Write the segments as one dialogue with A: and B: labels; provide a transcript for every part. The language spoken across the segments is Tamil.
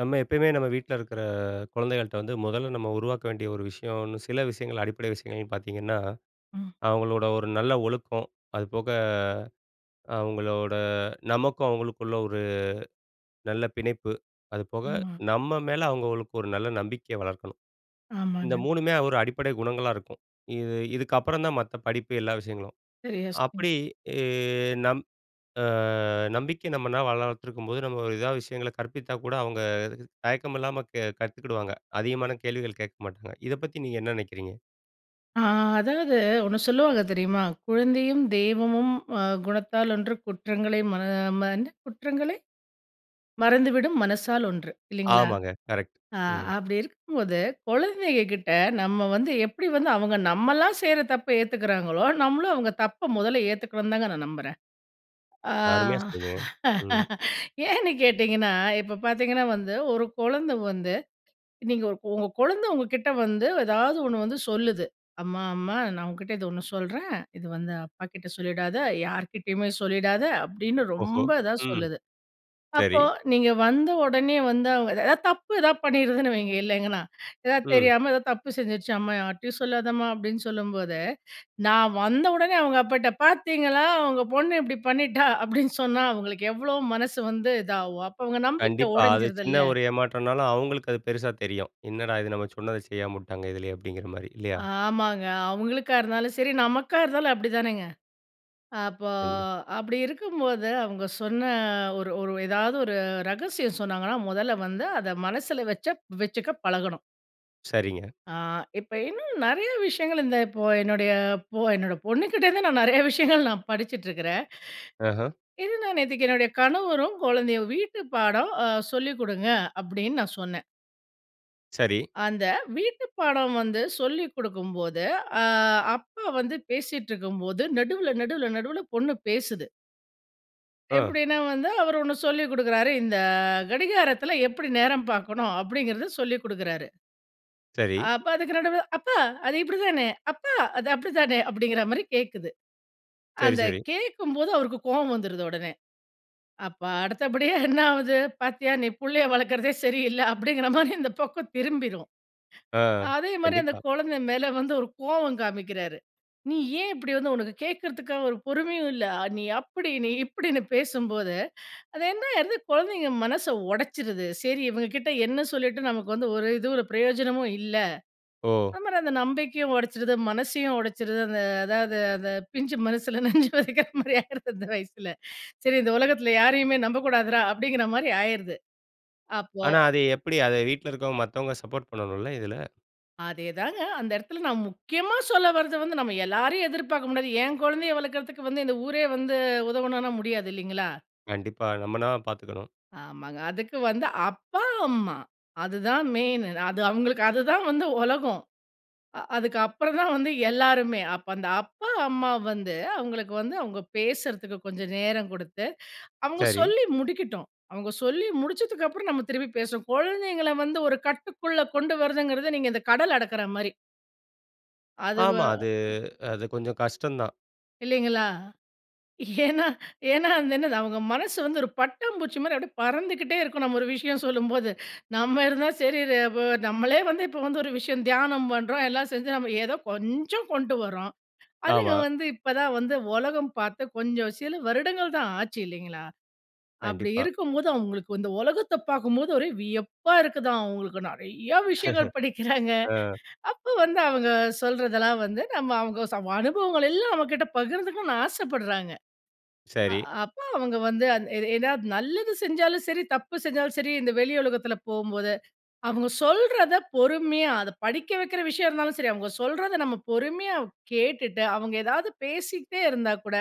A: நம்ம எப்பயுமே நம்ம வீட்ல இருக்கிற குழந்தைகள்ட்ட வந்து, மொதல்ல நம்ம உருவாக்க வேண்டிய ஒரு விஷயன்னு, சில விஷயங்கள், அடிப்படை விஷயங்கள்ன்னு பாத்தீங்கன்னா,
B: ம்.
A: அவங்களோட ஒரு நல்ல ஒழுக்கம். அதுபோக, அவங்களோட நமக்கும் அவங்களுக்குள்ள ஒரு, நல்ல பிணைப்பு. அதுபோக,
B: ம்மா.
A: நம்ம மேல அவங்களுக்கு ஒரு நல்ல நம்பிக்கைய வளர்க்கணும். இந்த
B: ஆமாங்க.
A: மூணுமே ஒரு அடிப்படை குணங்களா இருக்கும். இது இதுக்கப்புறம் தான் மத்த படிப்பு எல்லா விஷயங்களும்.
B: சரியா சொன்
A: அப்படி இ நம் அ நம்பிக்கை நம்மளாம் வள வளர்த்திருக்கும்போது, நம்ம ஒரு ஏதாவது விஷயங்கள கற்பித்தா கூட, அவுங்க இது தயக்கம் இல்லாம க கத்துக்கிடுவாங்க. அதிகமான கேள்விகள் கேட்க மாட்டாங்க. இத பத்தி நீங்க என்ன நினைக்கிறீங்க?
B: ஆ அதாவது, ஒண்ணு சொல்லுவாங்க தெரியுமா? "குழந்தையும் தெய்வமும் அ, குணத்தால் ஒன்று. குற்றங்களை ம மறந்து குற்றங்களை, மறந்துவிடும் மனசால் ஒன்று", இல்லங்களா?
A: ஆமாங்க. கரெக்ட்.
B: அ
A: ம்.
B: அப்படி இருக்கும்போது, குழந்தைகங்க கிட்ட, நம்ம வந்து எப்படி வந்து அவங்க நம்மல்லாம் செய்யுற தப்ப ஏத்துக்குறாங்களோ, நம்மளும் அவுங்க தப்ப மொதல்ல ஏத்துக்கனும்னு தாங்க நான் நம்புறேன். ஆ
A: அருமையா சொன்னீங்க. ம்.
B: ஏன்னு கேட்டீங்கன்னா, இப்ப பாத்தீங்கன்னா வந்து, ஒரு குழந்தை வந்து, நீங்க உங்க உங்க குழந்தை உங்ககிட்ட வந்து, ஏதாவது ஒண்ணு வந்து சொல்லுது. "அம்மா, அம்மா, நான் உன்கிட்ட இது ஒண்ணு சொல்றேன். இது வந்து அப்பாகிட்ட சொல்லிடாத, யார்கிட்டயுமே சொல்லிடாத", அப்படின்னு
A: ஓஹோ!
B: ரொம்ப இதா
A: ம்.
B: சொல்லுது.
A: சரி.
B: அப்போ நீங்க வந்தவொடனே வந்து, அவங்க ஏதாவது தப்பு ஏதாவது பண்ணிருதுன்னு வைங்க, இல்ல எங்கன்னா. ஏதாவது
A: ம்.
B: தெரியாம, ஏதாவது தப்பு செஞ்சுருச்சு, "அம்மா, யார்ட்டயும் சொல்லாதம்மா" அப்படின்னு சொல்லும்போது, நான் வந்தவொடனே அவங்க அப்பாட்ட, "பாத்தீங்களா, உங்க பொண்ணு இப்படி பண்ணிட்டா" அப்படின்னு சொன்னா, அவங்களுக்கு எவ்வளளோ மனசு வந்து இதாகும்? அப்போ அவங்க நம்பிக்க
A: கண்டிப்பா. அது
B: உடைஞ்சிருதுல்ல?
A: சின்ன ஒரு ஏமாற்றம்னாலும், அவங்களுக்கு அது பெருசா தெரியும். "என்னடா இது, நம்ம சொன்னத செய்யாமவுட்டாங்க இதுலையே" அப்படிங்குற மாரி, இல்லயா?
B: ஆமாங்க. அவங்களுக்கா இருந்தாலும் சரி, நமக்கா இருந்தாலும் அப்படிதானங்க? அப்போ,
A: கண்டி
B: அப்படி இருக்கும்போது அவங்க சொன்ன ஒரு ஒரு ஏதாவது ஒரு ரகசியம் சொன்னாங்கன்னா, மொதல்ல வந்து அத மனசுல வச்சக் வச்சுக்க பழகணும்.
A: சரிங்க.
B: ஆ, இப்ப இன்னும் நிறைய விஷயங்கள், இந்த இப்போ என்னுடைய பொ என்னோட பொண்ணுகிட்டருந்து நான் நிறைய விஷயங்கள் நான் படிச்சுட்ருக்குறேன்.
A: அஹா.
B: இது நான் நேத்தைக்கு என்னுடைய கணவரும், குழந்தையும் "வீட்டு பாடம் அ சொல்லிக் கொடுங்க" அப்டின்னு நான் சொன்னேன்.
A: சரி.
B: அந்த வீட்டு பாடம் வந்து சொல்லி குடுக்கும்போது, அ அப்பா வந்து பேசிட்டிருக்கும் போது நடுவுல, நடுவுல, நடுவுல பொண்ணு பேசுது.
A: அஹ்.
B: எப்டின்னா வந்து, அவரு ஒண்ணு சொல்லி கொடுக்குறாரு. இந்த கடிகாரத்துல எப்டி நேரம் பாக்கணும், அப்படிங்றத சொல்லிக் குடுக்குறாரு.
A: சரி.
B: அப்ப அதுக்கு நடுவுல, "அப்பா அது இப்டி தானே? அப்பா அது அப்டிதானே?" அப்டிங்ற மாரி கேக்குது.
A: சரி,
B: அந்த
A: சரி.
B: கேக்கும்போது, அவருக்கு கோவம் வந்துருது உடனே, அப்ப அடுத்தபடியா என்ன ஆகுது? "பாத்தியா நீ புள்ளைய வளக்றதே சரியில்ல" அப்டிங்ற மாரி இந்த பக்கம் திரும்பிரும்.
A: அஹ்,
B: அதே மாரி அந்த
A: கண்டிப்பா.
B: குழந்த மேல வந்து ஒரு கோவம் காமிக்கிறாரு. நீ ஏன் இப்டி வந்து உனக்கு கேட்கறதுக்கா ஒரு பொறுமையும் இல்ல? நீ அப்டி, நீ இப்டின்னு பேசும்போது, அது என்னாயிருது குழந்தைங்க மனச உடைச்சுருது. "சரி, இவங்க கிட்ட என்ன சொல்லிட்டு, நமக்கு வந்து ஒரு இது, ஒரு ப்ரயோஜனமும் இல்ல."
A: ஓ!
B: அந்த மாரி அந்த நம்பிக்கயும் உடைச்சுருது, மனசையும் உடைச்சுருது. அந்த அதாவது அந்த பிஞ்சு மனசுல நஞ்ச வதைக்கிற மாரி ஆயிருது அந்த வயசுல. "சரி, இந்த உலகத்துல யாரையுமே நம்பக்கூடாதுரா" அப்டிங்ற மாரி ஆயிருது. அப்போ
A: ஆனா, அது எப்டி? அத வீட்ல இருக்றவங்க, மத்தவங்க சப்போட் பண்ணணுல இதுல.
B: அதேதாங்க. அந்த இடத்தில நான் முக்கியமா சொல்ல வரது வந்து, நம்ம எல்லாரையும் எதிர்பாக்க முடியாது. என் குழந்தையை வளர்க்குறதுக்கு வந்து, இந்த ஊரே வந்து உதவணும்ன்னா, முடியாது இல்லைங்களா?
A: கண்டிப்பா. நம்ம தான் பாத்துக்கணும்.
B: ஆமாங்க. அதுக்கு வந்து அப்பா, அம்மா. அதுதான் மெயினு. அது அவங்களுக்கு அதுதான் வந்து உலகம். அ அதுக்கப்புறம் தான் வந்து எல்லாருமே. அப்போ அந்த அப்பா அம்மா வந்து, அவங்களுக்கு வந்து அவுங்க பேசறதுக்கு கொஞ்சம் நேரம் குடுத்து, அவுங்க
A: சரி.
B: சொல்லி முடிக்கட்டும். அவுங்க சொல்லி முடிச்சதுக்கப்பறம் நம்ம திரும்பி பேசுவோம். குழந்தைங்கள வந்து ஒரு கட்டுக்குள்ள கொண்டு வரதுங்கிறது நீங்க இந்த கடல் அடக்கற மாரி. அது வ
A: ஆமா. அது, அது கொஞ்சம் கஷ்டம் தான்.
B: இல்லைங்களா? ஏன்னா, ஏன்னா அது என்னது அவங்க மனசு வந்து ஒரு பட்டாம் பூச்சி மாரி அப்படியே பறந்துகிட்டே இருக்கும் நம்ம ஒரு விஷயம் சொல்லும்போது. நம்ம இருந்தா சரி ர வ நம்மளே வந்து இப்ப வந்து ஒரு விஷயம் தியானம் பண்றோம். எல்லாம் செஞ்சு நம்ம ஏதோ கொஞ்சம் கொண்டு வரோம். அதுங்க
A: ஆமா.
B: வந்து இப்ப தான் வந்து உலகம் பாத்து, கொஞ்சம் சில வருடங்கள் தான் ஆச்சு, இல்லைங்களா? அப்படி
A: கண்டிப்பா.
B: இருக்கும்போது அவுங்களுக்கு இந்த உலகத்த பாக்கும்போது, ஒரே வியப்பா இருக்குதாம். அவுங்களுக்கு நெறைய விஷயங்கள் படிக்கிறாங்க.
A: அ.
B: அப்போ வந்து அவுங்க சொல்றதெல்லாம் வந்து நம்ம அவுங்க ச அனுபவங்கள் எல்லாம் நம்மகிட்ட பகிர்ந்துக்கனுன்னு ஆசப்படுறாங்க. அ
A: சரி.
B: அப்போ அவுங்க வந்து அது ஏதாவது நல்லது செஞ்சாலும் சரி, தப்பு செஞ்சாலும் சரி, இந்த வெளி உலகத்தில போம்போது, அவுங்க சொல்றத பொறுமையா, அதை படிக்க வைக்கிற விஷயம் இருந்தாலும் சரி. அவுங்க சொல்றத நம்ம பொறுமையா கேட்டுட்டு, அவுங்க ஏதாவது பேசிக்ட்டே இருந்தா கூட,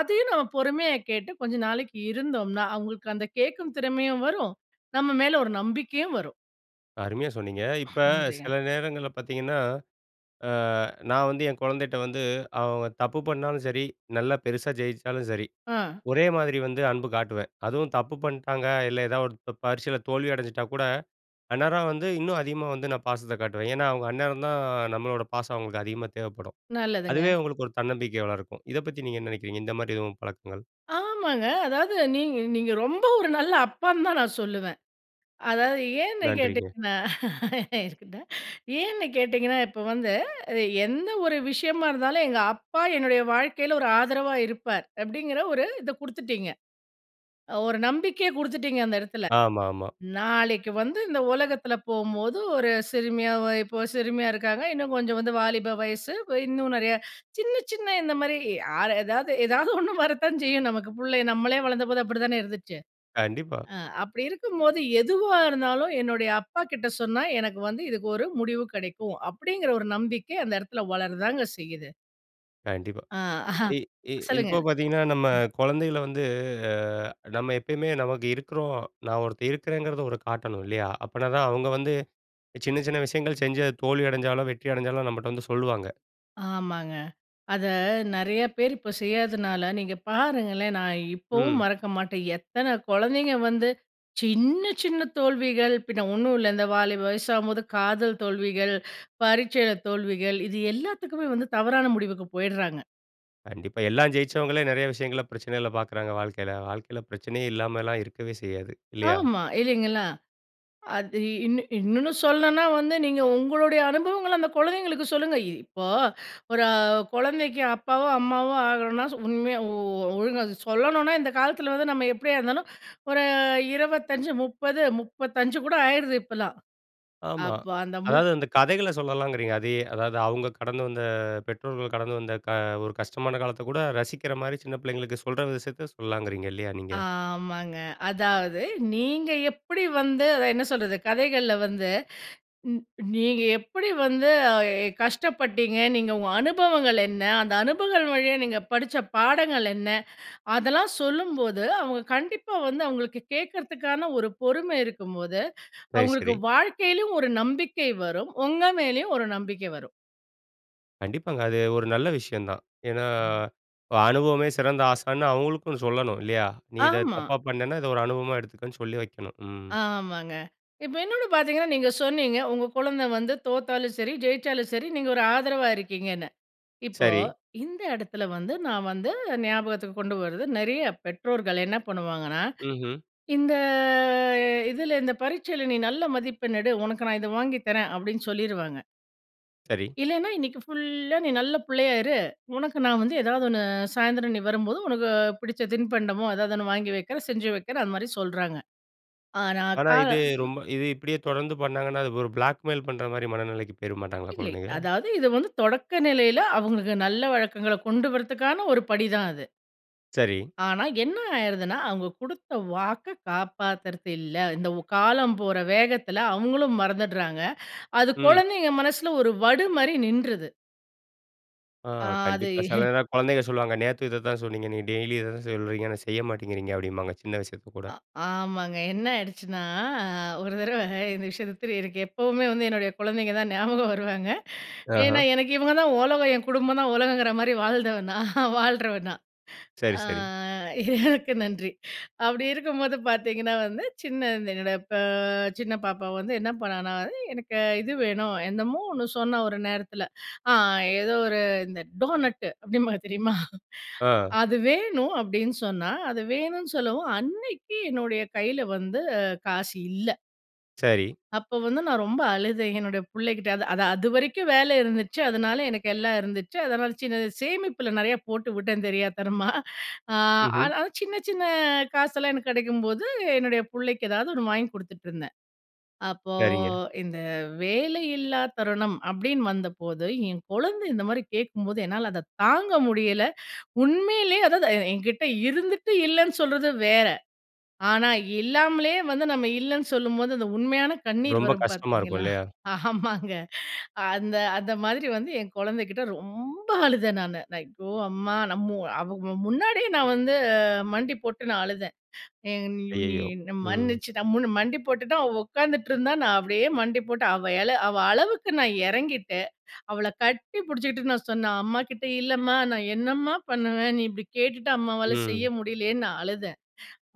B: அதையும் நாம பொறுமையா கேட்டு கொஞ்ச நாளைக்கு இருந்தோம்ன்னா, அவுங்களுக்கு அந்த கேட்கும் திறமையும் வரும். நம்ம மேல ஒரு நம்பிக்கையும் வரும்.
A: அருமையா சொன்னீங்க. இப்ப
B: நன்றிங்க.
A: சில நேரங்கள்ல பார்த்தீங்கன்னா, அ நான் வந்து என் கொழந்தைட்ட வந்து, அவங்க தப்பு பண்ணாலும் சரி, நல்லா பெருசா ஜெயிச்சாலும் சரி,
B: ஆ.
A: ஒரே மாதிரி வந்து அன்பு காட்டுவேன். அதுவும் தப்பு பண்ட்டாங்க. இல்ல, ஏதாவது ஒரு ப பரிட்சைல தோல்வி அடைஞ்சிட்டா கூட, அந்நேரம் வந்து, இன்னும் அதிகமா வந்து, நான் பாசத்தை காட்டுவேன். ஏன்னா, அவுங்க அந்நேரம் தான், நம்மளோட பாசம் அவங்களுக்கு அதிகமா தேவைப்படும்.
B: நல்லதுங்க.
A: அதுவே, அவங்களுக்கு ஒரு தன்னம்பிக்கைய வளர்க்கும். இத பத்தி நீங்க என்ன நெனைக்கிறீங்க? இந்த மாதிரி எதுவும் பழக்கங்கள்?
B: ஆ மாங்க. அதாவது நீங்க நீங்க ரொம்ப ஒரு நல்ல அப்பான்னு தான், நான் சொல்லுவேன். அதாவது ஏன்னு
A: நன்றிங்க.
B: கேட்டிங்கன்னா? இருக்கட்டும். ஏன்னு கேட்டிங்கன்னா? இப்ப வந்து, எ எந்த ஒரு விஷயமா இருந்தாலும், எங்க அப்பா என்னுடைய வாழ்க்கையில ஒரு ஆதரவா இருப்பார், அப்பிடீங்கிற ஒரு இத குடுத்துட்டீங்க. அ ஒரு நம்பிக்கைய குடுத்துட்டீங்க, அந்த எடத்துல.
A: ஆமாமா.
B: நாளைக்கு வந்து இந்த உலகத்துல போகும்போது ஒரு சிறுமியா, ஒ இப்போ சிறுமியா இருக்காங்க. இன்னும் கொஞ்சம் வந்து வாலிப வயசு. ப இன்னும் நெறைய. சின்ன, சின்ன இந்த மாரி யாரு ஏதாவது ஏதாவது ஒண்ணு வரத்தான் செய்யும் நமக்கு. புள்ளை நம்மளே வளர்ந்த போது அப்படி தான இருந்துச்சு.
A: கண்டிப்பா.
B: ஆ அப்படி இருக்கும்போது, எதுவா இருந்தாலும் என்னுடைய அப்பாகிட்ட சொன்னா, எனக்கு வந்து இதுக்கு ஒரு முடிவு கெடைக்கும். அப்பிடீங்கிற ஒரு நம்பிக்கை அந்த எடத்துல வளரதாங்க செய்யுது.
A: கண்டிப்பா.
B: அ, அஹ.
A: இ இ
B: சொல்லுங்க..
A: இப்போ பார்த்தீங்கன்னா, நம்ம குழந்தைகள வந்து அ, நம்ம எப்பயுமே நமக்கு இருக்கிறோம். நான் ஒருத்தன் இருக்கிறேங்கிறத ஒரு காட்டணும், இல்லையா? அப்பனா தான் அவங்க வந்து, சின்ன, சின்ன விஷயங்கள் செஞ்சு அது தோல்வி அடைஞ்சாலும், வெற்றி அடைஞ்சாலும் நம்மட்ட வந்து சொல்லுவாங்க.
B: ஆமாங்க. அத நிறைய பேரு இப்போ செய்யாதனால, நீங்க பாருங்களேன், நான் இப்பவும்
A: ம்.
B: மறக்க மாட்டேன். எத்தன குழந்தைங்க வந்து சின்ன, சின்ன தோல்விகள் பின்னே ஒன்னும் இல்ல, இந்த வாலிப வயசாகும்போது காதல் தோல்விகள், பரீட்சைல தோல்விகள். இது எல்லாத்துக்குமே வந்து தவறான முடிவுக்கு போயிடுறாங்க.
A: கண்டிப்பா, எல்லாம் ஜெயிச்சவங்களே நிறைய விஷயங்கள்ல பிரச்சனைகள பார்க்கறாங்க, வாழ்க்கையில. வாழ்க்கையில பிரச்சனையே இல்லாமல்லாம் இருக்கவே செய்யாது, இல்லையா?
B: ஆமா, இல்லைங்களா? அது இன்னு இன்னொன்னு சொல்லணுனா வந்து, நீங்க உங்களுடைய அனுபவங்கள அந்த குழந்தைங்களுக்கு சொல்லுங்க. இ இப்போ ஒரு அ, குழந்தைக்கு அப்பாவோ, அம்மாவோ ஆகணும்னா சு உண்மையா ஓ ஒழுங்கா சொல்லணுனா, இந்த காலத்துல வந்து நம்ம எப்படியா இருந்தாலும், ஒரு 25, 30, 35 கூட ஆயிருது இப்பல்லாம்.
A: ஆமா.
B: அப்போ அந்த முப்
A: அதாவது அந்த கதைகள சொல்லலாங்கிறீங்க, அதையே. அதாவது அவங்க கடந்து வந்த பெற்றோர்கள் கடந்து வந்த க ஒரு கஷ்டமான காலத்த கூட, ரசிக்கிற மாரி சின்ன பிள்ளைங்களுக்கு சொல்ற விஷயத்த சொல்லலாங்கிறீங்க, இல்லையா நீங்க?
B: ஆமாங்க. அதாவது நீங்க எப்படி வந்து அத என்ன சொல்றது, கதைகள்ல வந்து நீ நீங்க எப்படி வந்து அ, எ, கஷ்டப்பட்டீங்க, நீங்க உங்க அனுபவங்கள் என்ன? அந்த அனுபவங்கள் வழியா நீங்க படிச்ச பாடங்கள் என்ன? அதெல்லாம் சொல்லும்போது, அவுங்க கண்டிப்பா வந்து அவுங்களுக்கு கேட்கறதுக்கான ஒரு பொறுமை இருக்கும்போது,
A: சரி,
B: அவுங்களுக்கு
A: சரி.
B: வாழ்க்கைலயும் ஒரு நம்பிக்கை வரும். உங்க மேலயும் ஒரு நம்பிக்கை வரும்.
A: கண்டிப்பாங்க. அது ஒரு நல்ல விஷயம் தான். ஏன்னா, இப்ப அனுபவமே சிறந்த ஆசான்னு அவங்களுக்கும் சொல்லணும் இல்லையா? நீ இத
B: ஆமா.
A: தப்பா பண்ணேனா, இத ஒரு அனுபவமா எடுத்துக்கன்னு, சொல்லி வைக்கணும். ம்.
B: ஆமாங்க. இப்போ இன்னொன்னு பார்த்தீங்கன்னா, நீங்க சொன்னீங்க உங்க கொழந்த வந்து தோத்தாலும் சரி, ஜெயிச்சாலும் சரி நீங்க ஒரு ஆதரவா இருக்கீங்கன்னு. இப்போ,
A: சரி.
B: இந்த எடத்துல வந்து நான் வந்து ஞாபகத்துக்கு கொண்டு வர்றது நெறைய பெற்றோர்கள் என்ன பண்ணுவாங்கன்னா,
A: ம்ஹ்ம்.
B: "இந்த இதுல இந்த பரீட்சையில, நீ நல்ல மதிப்பெண் எடு. உனக்கு நான் இத வாங்கிதரேன்" அப்டின்னு சொல்லிருவாங்க.
A: சரி.
B: இல்லைன்னா "இன்னைக்கு ஃபுல்லா நீ நல்ல புள்ளையா இரு. உனக்கு நான் வந்து ஏதாவது ஒண்ணு சாயந்திரம் நீ வரும்போது, உனக்கு புடிச்ச தின்பண்டமோ, ஏதாவது ஒண்ணு வாங்கி வக்கிறேன், செஞ்சு வக்கிறேன்." அந்த மாதிரி சொல்றாங்க. ஆனா க
A: ஆனா, இது ரொம்ப இது இப்டியே தொடர்ந்து பண்ணாங்கன்னா, அது ஒரு பிளாக் மெய்ல் பண்ற மாரி மனநெலைக்கி போயிற மாட்டாங்களா,
B: இல்லை.
A: கொழந்தைங்க?
B: அதாவது இது வந்து தொடக்க நிலையில, அவுங்களுக்கு நல்ல வழக்கங்கள கொண்டு வரதுக்கான ஒரு படிதான் அது.
A: சரி.
B: ஆனா என்ன ஆய்றதுன்னா, அவுங்க குடுத்த வாக்க காப்பாத்துறது இல்ல. இந்த ஓ காலம் போற வேகத்துல அவங்களும் மறந்துட்றாங்க, அது
A: ம்.
B: கொழந்தைங்க மனசுல ஒரு வடு மாரி நின்றுது.
A: அ
B: அ, அது
A: கண்டிப்பா, சில நேரம், குழந்தைக சொல்லுவாங்க, நேத்து இத தான் சொன்னீங்க, நீங்க டெய்லி இத தான் சொல்றீங்க. ஆனா, செய்ய மாட்டேங்கிறீங்க அப்படின்பாங்க, சின்ன விஷயத்த கூட.
B: அ. ஆமாங்க, என்ன ஆயிடுச்சுன்னா ஒரு தடவ இந்த விஷயத்த திரு எனக்கு எப்பவுமே வந்து என்னுடைய குழந்தைங்க தான் ஞாபகம் வருவாங்க. ஏன்னா,
A: ஆஹ.
B: எனக்கு இவங்க தான் உலகம். என் குடும்பம் தான் உலகங்குற மாதிரி, வாழ்ந்தவ நான் வாழுறவ நான்.
A: சரி,
B: அ
A: சரி.
B: இறைவனுக்கு நன்றி. அப்படி இருக்கும்போது பார்த்தீங்கன்னா வந்து சின்ன என்னோடய ப சின்ன பாப்பா வந்து, என்ன பண்ணான்னா? அது எனக்கு இது வேணும் என்னமோ ஒண்ணு சொன்னா, ஒரு நேரத்துல. அ ஏதோ ஒரு இந்த டோனட் அப்படிம்பாங்க தெரியுமா?
A: அ.
B: "அது வேணும்" அப்படின்னு சொன்னா, அது வேணும்ன்னு சொல்லவும், அன்னைக்கு என்னுடைய கைல வந்து காசு இல்ல
A: சரி.
B: அப்போ வந்து நான் ரொம்ப அழுதேன், என்னுடைய புள்ளகிட்ட. அது அது அதுவரைக்கும் வேல இருந்துச்சு. அதனால எனக்கு எல்லாம் இருந்துச்சு. அதனால சின்ன சேமிப்பில நெறைய போட்டு விட்டேன் தெரியாத்தனமா. அ
A: ம்ஹ்ம்.
B: ஆனாலும் சின்ன சின்ன காசெல்லாம் எனக்கு கெடைக்கும்போது என்னுடைய பிள்ளைக்கு எதாவது ஒண்ணு வாங்கி குடுத்துட்டுருந்தேன். அப்போ
A: சரிங்க.
B: இந்த வேலையில்லா தருணம், அப்படின்னு வந்தபோது, என் குழந்தை இந்த மாரி கேட்கும்போது என்னால அத தாங்க முடியல. உண்மையிலயே அதாவது, எ எங்கிட்டே இருந்துட்டு இல்லன்னு சொல்றது வேற, ஆனா இல்லாமலயே வந்து நம்ம இல்லன்னு சொல்லும்போது அந்த உண்மையான கண்ணீர்
A: ரொம்ப
B: வரும்
A: கஷ்டமா இருக்கும்,
B: பார்த்தீங்களா!
A: இல்லையா?
B: ஆமாங்க. அந்த அந்த மாதிரி வந்து என் குழந்தைகிட்ட ரொம்ப அழுதேன் நானு. ஐயோ! அம்மா நம்ம அவ வ முன்னாடியே நான் வந்து மண்டி போட்டு நான் அழுதேன். எ நீயு நீ
A: அய்யய்யோ!
B: என்ன
A: ம்.
B: மன்னிச்சு அம்முன்னு மண்டி போட்டுட்டு அவ உட்காந்துட்ருந்தா, நான் அப்படியே மண்டி போட்டு அவ இல அவ அளவுக்கு நான் இறங்கிட்டேன். அவள கட்டி பிடிச்சிட்டு நான் சொன்னேன். அம்மாகிட்ட இல்லம்மா, நான் என்னம்மா பண்ணுவேன். நீ இப்படி கேட்டுட்டு அம்மாவால செய்ய
A: ம்.
B: முடியலையே! ன்னு நான் அழுதேன்.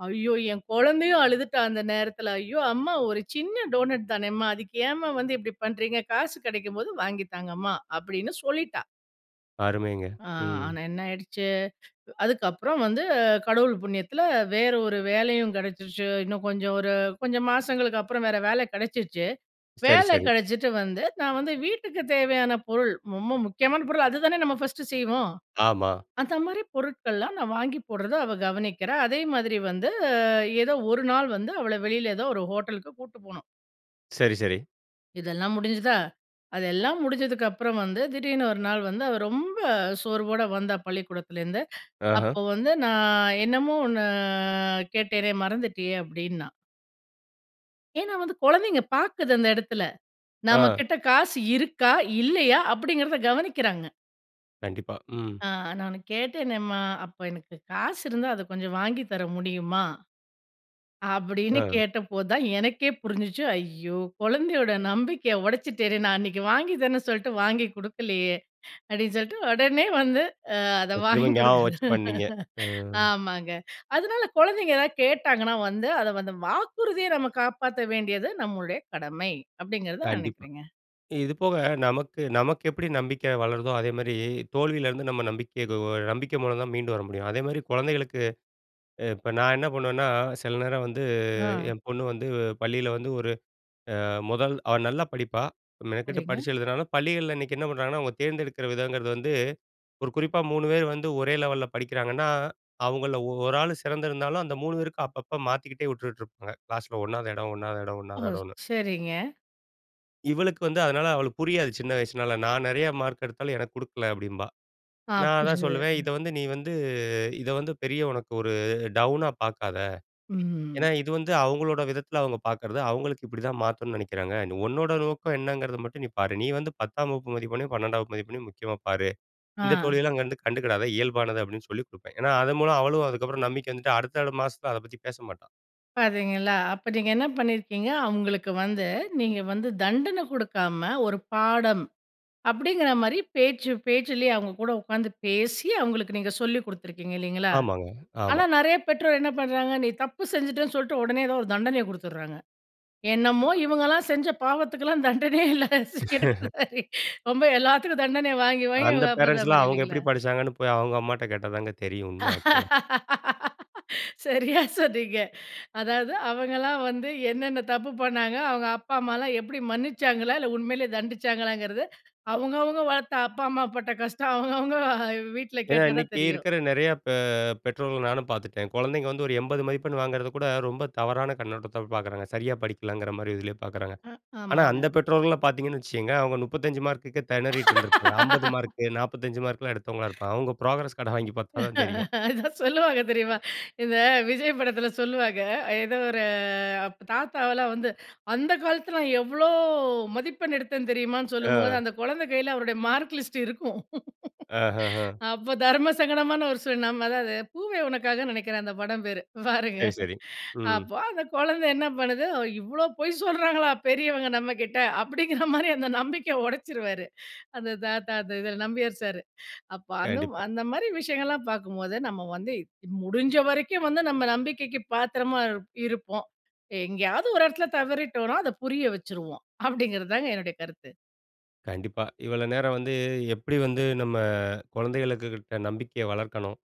B: ஐயோ! என் குழந்தையும் அழுதுட்டா, அந்த நேரத்தில. "ஐயோ! அம்மா ஒரு சின்ன டோனட் தானே அம்மா. அதுக்கு ஏம்மா வந்து இப்படி பண்ணுறீங்க? காசு கெடைக்கும் போது வாங்கி தாங்கம்மா." அப்படின்னு சொல்லிட்டா.
A: அருமைங்க.
B: அ,
A: ம்.
B: ஆனா என்னாயிடுச்சு. அ அதுக்கப்புறம் வந்து, கடவுள் புண்ணியத்துல வேற ஒரு வேலையும் கிடைச்சுருச்சு. இன்னும் கொஞ்சம் ஒரு கொஞ்சம் மாசங்களுக்கப்புறம் வேற வேல கிடைச்சுருச்சு.
A: சரி,
B: வேல
A: சரி.
B: கிடைச்சிட்டு வந்து நான் வந்து வீட்டுக்கு தேவையான பொருள். ரொம்ப முக்கியமான பொருள். அதுதான நம்ம ஃபஸ்ட்டு செய்வோம்?
A: ஆமா.
B: அந்த மாரி பொருட்கள்லாம் நான் வாங்கி போட்றதா அவ கவனிக்கிறா. அதே மாதிரி வந்து ஏதோ ஒரு நாள் வந்து அவள வெளில ஏதோ ஒரு ஹோட்டலுக்கு கூட்டு போனோம்.
A: சரி, சரி.
B: இதெல்லாம் முடிஞ்சுதா, அதெல்லாம் முடிஞ்சதுக்கு அப்புறம் வந்து, திடீர்னு ஒரு நாள் வந்து, அவ ரொம்ப சோர்வோடு வந்தா பள்ளிக்கூடத்திலருந்து.
A: ஆஹ.
B: அப்ப வந்து நான் என்னமோ ஒண்ணு கேட்டேனே மறந்திட்டியே! அப்டின்னா... ஏன்னா வந்து, குழந்தைங்க பாக்குது அந்த இடத்துல.
A: அ.
B: நம்மகிட்ட காசு இருக்கா, இல்லையா அப்படிங்கறத கவனிக்கிறாங்க.
A: கண்டிப்பா. ம்.
B: அ நானு கேட்டேனேம்மா, அப்போ எனக்கு காசு இருந்தா அத கொஞ்சம் வாங்கி தர முடியுமா? அப்டின்னு
A: அ.
B: கேட்டப்போதுதா எனக்கே புரிஞ்சுச்சு. ஐயோ! குழந்தையோட நம்பிக்கைய உடைச்சுட்டேனே! நான் அன்னிக்கு வாங்கி தரன்னு சொல்ட்டு வாங்கி குடுக்கலையே! அப்டின்னு சொல்ட்டு உடனே வந்து அ அத
A: இப்ப திரும்ப
B: வாங்கி குடுக்க
A: ஞாபகம் வச்சு பண்ணீங்க. அ.
B: ஆமாங்க. அதனால குழந்தைங்க எதாவது கேட்டாங்கனா வந்து, அத வந்து வாக்குறுதிய நம்ம காப்பாத்த வேண்டியது நம்முடைய கடமை! அப்டிங்கறது
A: கண்டிப்பா.
B: நினைக்கிறங்க.
A: இது போக நமக்கு நமக்கு எப்படி நம்பிக்கை வளருதோ அதேமாரி, தோல்வியிலிருந்து நம்ம நம்பிக்கை எதோ நம்பிக்கை மூலம் தான் மீண்டும் வர முடியும். அதேமாதிரி குழந்தைகளுக்கு இப்ப நா என்ன பண்ணுவேன்னா, சில நேரம் வந்து
B: அ.
A: என் பொண்ணு வந்து பள்ளியில வந்து ஒரு அ முதல் அவ நல்லா படிப்பா. மெனக்கெட்டு
B: சரிங்க.
A: படிச்சு எழுதுனாலும், பள்ளிகள்ல இன்னைக்கு என்ன பண்ணுறாங்கன்னா, அவங்க தேர்ந்தெடுக்குற விதங்கிறது வந்து ஒரு குறிப்பா 3 பேர் வந்து ஒரே லெவலல்ல படிக்கிறாங்கன்னா, அவங்கள 1 ஆள் சிறந்திருந்தாலும், அந்த 3 பேருக்கும், அப்பப்போ மாத்திக்கிட்டே உட்டுட்டு இருப்பாங்க. க்ளாஸ்ல 1வது இடம், 1வது இடம்,
B: ஓ,
A: 1வது இடம்னு.
B: சரிங்க.
A: இவளுக்கு வந்து, அதனால அவளுக்கு புரியாது சின்ன வயசுனால. "நான் நிறைய மார்க் எடுத்தாலும், எனக்கு குடுக்கல" அப்பிடீம்பா.
B: ஆ,
A: நான் அதான்
B: புரிஞ்சுது.
A: சொல்லுவேன். "இத
B: ம்.
A: வந்து நீ வந்து, இத வந்து பெரிய உனக்கு ஒரு, டவுனா பார்க்காத.
B: ம்.
A: ஏன்னா இது வந்து அவுங்களோட விதத்துல, அவுங்க பார்க்குறது. அவுங்களுக்கு இப்படி தான் மாத்தணும்னு நினைக்கிறாங்க. உன்னோட நோக்கம் என்னங்கிறத மட்டும் நீ பாரு. நீ வந்து பத்தாம் வகுப்பு மதிப்பெண்ணையும், பன்னெண்டாம் வகுப்பு மதிப்பெண்ணையும், முக்கியமா பாரு.
B: ஆ.
A: இந்த தோல்வியெல்லாம் அங்கருந்து கண்டுக்கிடாத இயல்பானது", அப்பிடீன்னு சொல்லி குடுப்பேன். ஏன்னா, அதன் மூலம் அவளும் அதுக்கப்புறம் நம்பிக்கை வந்துட்டு, அடுத்தடுத்த மாசத்துல அத பத்தி பேசமாட்டா.
B: பார்த்தீங்களா, அப்ப நீங்க என்ன பண்ணியிருக்கீங்க அவுங்களுக்கு வந்து, நீங்க வந்து தண்டனை குடுக்காம, "ஒரு பாடம்", அப்பிடீங்கிற மாரி பேச்சு பேச்சிலேயே அவுங்க கூட உட்காந்து பேசி, அவுங்களுக்கு நீங்க சொல்லி குடுத்துருக்கீங்க, இல்லைங்களா?
A: ஆமாங்க.
B: ஆனா
A: ஆமா.
B: நெறைய பெற்றோர் என்ன பண்ணுறாங்க, நீ தப்பு செஞ்சுட்டேன்னு சொல்லிட்டு, உடனே ஏதோ ஒரு தண்டனைய குடுத்துடுறாங்க. என்னமோ இவங்கள்லாம் செஞ்ச பாவத்துக்குல்லாம் தண்டனையே இல்ல. [unintelligible] ரொம்ப எல்லாத்துக்கும் தண்டனைய வாங்கி, வாங்கி
A: அந்த
B: அவங்களுக்கு அப்ப தான்
A: பேரன்ட்ஸ்லாம்
B: புரியும்,
A: அவுங்க
B: இல்லைங்களா?
A: எப்படி படிச்சாங்கன்னு போய், அவங்க அம்மாட்ட கேட்டா தாங்க தெரியும், உண்மை ஆக்சுவலா.
B: சரியா சொன்னீங்க. அதாவது, அவங்கலாம் வந்து என்னென்ன தப்பு பண்ணாங்க. அவங்க அப்பா, அம்மாலாம் எப்பிடி, மன்னிச்சாங்களா இல்ல, உண்மைலயே தண்டிச்சாங்களாங்கிறதை, அவங்க, அவங்க வளர்த்த அப்பா, அம்மா பட்ட கஷ்டம், அவங்கவங்க அ, வீட்டுல
A: ஏன்னா,
B: கேட்டா தான்
A: இன்னைக்கு
B: தெரியும்.
A: இருக்கிற நெறைய பெ பெற்றோர்கள நானும் பார்த்துட்டேன். குழந்தைங்க வந்து ஒரு 80 மதிப்பெண் வாங்குறத கூட, ரொம்ப தவறான கண்ணோட்டத்தோட பார்க்குறாங்க. சரியா படிக்கலங்கிற மாரி இதுலயே பார்க்குறாங்க.
B: அ,
A: ஆனா, அந்த
B: ஆமாங்க.
A: பெற்றோர்கள்லாம் பார்த்தீங்கன்னு வச்சுக்கங்க, அவுங்க 35 மார்க்குக்கே திணறிட்டுருந்துருப்பாங்க. 50 மார்க்கு, 45 மார்க்லாம் எடுத்தவங்களா இருப்பாங்க. அவங்க ப்ரோக்ரஸ் கார்டை வாங்கி பார்த்தா தான் தெரியும்.
B: அதான் சொல்லுவாங்க,
A: ஓ!
B: தெரியுமா? இந்த விஜய் படத்துல சொல்லுவாங்க. ஏதோ ஒரு அப்ப தாத்தாவெல்லாம் வந்து, அந்த காலத்துல நான் எவ்வளோ மதிப்பெண் எடுத்தேன் தெரியுமான்னு சொல்லும்போது,
A: ஆ.
B: அந்த குழந்தை கையில அவருடைய மார்க் லிஸ்ட் இருக்கும்.
A: அஹஹான்.
B: அப்போ தர்மசங்கடமான ஒரு சூழல். நம்ம அதாவது, "பூவே உனக்காக" நினைக்கிறேன், அந்த படம் பேரு. பாருங்க!
A: சரி, சரி. ம்.
B: அப்போ அந்த குழந்தை என்ன பண்ணுது, "இவ்வளோ பொய் சொல்றாங்களா, பெரியவங்க நம்ம கிட்ட?" அப்பிடீங்கிற மாரி, அந்த நம்பிக்கைய உடைச்சுருவாரு, அந்த தாத்தா, அந்த இதுல நம்பியார் சாரு. அப்போ அந்த
A: கண்டிப்பா.
B: அந்த மாரி விஷயங்கள்லாம் பார்க்கும்போது, நம்ம வந்து இ, முடிஞ்ச வரைக்கும் வந்து நம்ம நம்பிக்கைக்கு பாத்திரமா இரு இருப்போம். எங்கேயாவது ஒரு இடத்துல தவறிட்டோம்னா, அதை புரிய வச்சுருவோம். அப்பிடீங்கிறது தாங்க என்னுடைய கருத்து.
A: கண்டிப்பா. இவ்வளோ நேரம் வந்து, "எப்பிடி வந்து நம்ம, குழந்தைகளுக்கு கிட்ட நம்பிக்கைய வளர்க்கணும்.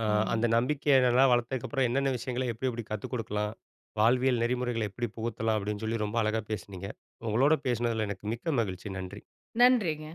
A: அ,
B: ம்.
A: அந்த நம்பிக்கைய நல்லா வளர்த்ததுக்கப்புறம், என்னென்ன விஷயங்கள, எப்படி எப்படி கத்துக் குடுக்கலாம்? வாழ்வியல் நெறிமுறைகள எப்படி புகுத்தலாம்?" அப்படின்னு சொல்லி, ரொம்ப அழகா பேசினீங்க. உங்களோட பேசினதுல எனக்கு மிக்க மகிழ்ச்சி. நன்றி.
B: நன்றிங்க.